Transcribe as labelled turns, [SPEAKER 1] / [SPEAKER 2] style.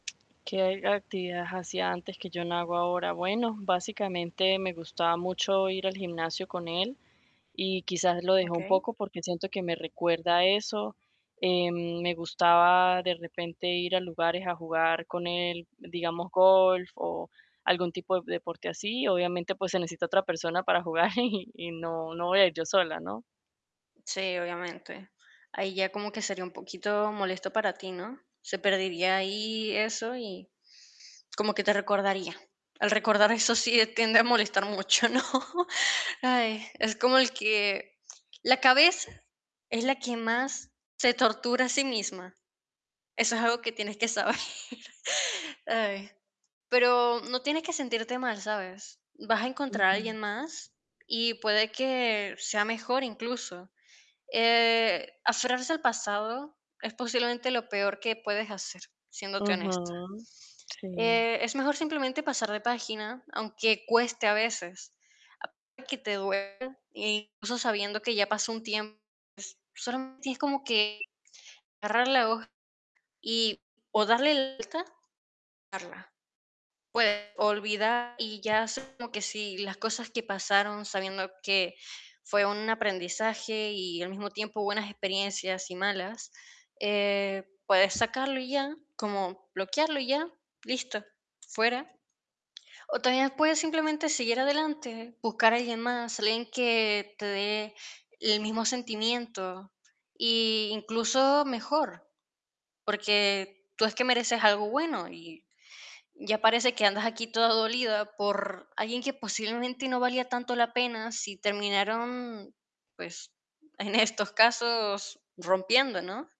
[SPEAKER 1] ¿Qué actividades hacía antes que yo no hago ahora? Bueno, básicamente me gustaba mucho ir al gimnasio con él y quizás lo dejé un
[SPEAKER 2] Okey.
[SPEAKER 1] poco porque siento que me recuerda a eso, eh, me gustaba de repente ir a lugares a jugar con él, digamos golf o algún tipo de deporte así, obviamente, pues se necesita otra persona para jugar y, y no no voy a ir yo sola, ¿no?
[SPEAKER 2] Sí, obviamente. Ahí ya como que sería un poquito molesto para ti, ¿no?, se perdería ahí eso y como que te recordaría. Al recordar eso sí tiende a molestar mucho, ¿no? Ay, es como el que la cabeza es la que más se tortura a sí misma. Eso es algo que tienes que saber. Ay, pero no tienes que sentirte mal, ¿sabes?, vas a encontrar a alguien
[SPEAKER 1] Ujú.
[SPEAKER 2] más y puede que sea mejor incluso, eh, aferrarse al pasado es posiblemente lo peor que puedes hacer, siéndote
[SPEAKER 1] Ajá,
[SPEAKER 2] honesta,
[SPEAKER 1] sí.
[SPEAKER 2] eh, es mejor simplemente pasar de página, aunque cueste a veces, aunque te duela, e incluso sabiendo que ya pasó un tiempo, solamente es como que agarrar la hoja y o darle la vuelta, dejarla. Puedes olvidar y ya es como que si las cosas que pasaron sabiendo que fue un aprendizaje y al mismo tiempo buenas experiencias y malas, eh, puedes sacarlo y ya, como bloquearlo y ya, listo, fuera. O también puedes simplemente seguir adelante, buscar a alguien más, alguien que te dé el mismo sentimiento y incluso mejor, porque tú es que mereces algo bueno y ya parece que andas aquí toda dolida por alguien que posiblemente no valía tanto la pena si terminaron, pues en estos casos rompiendo, ¿no?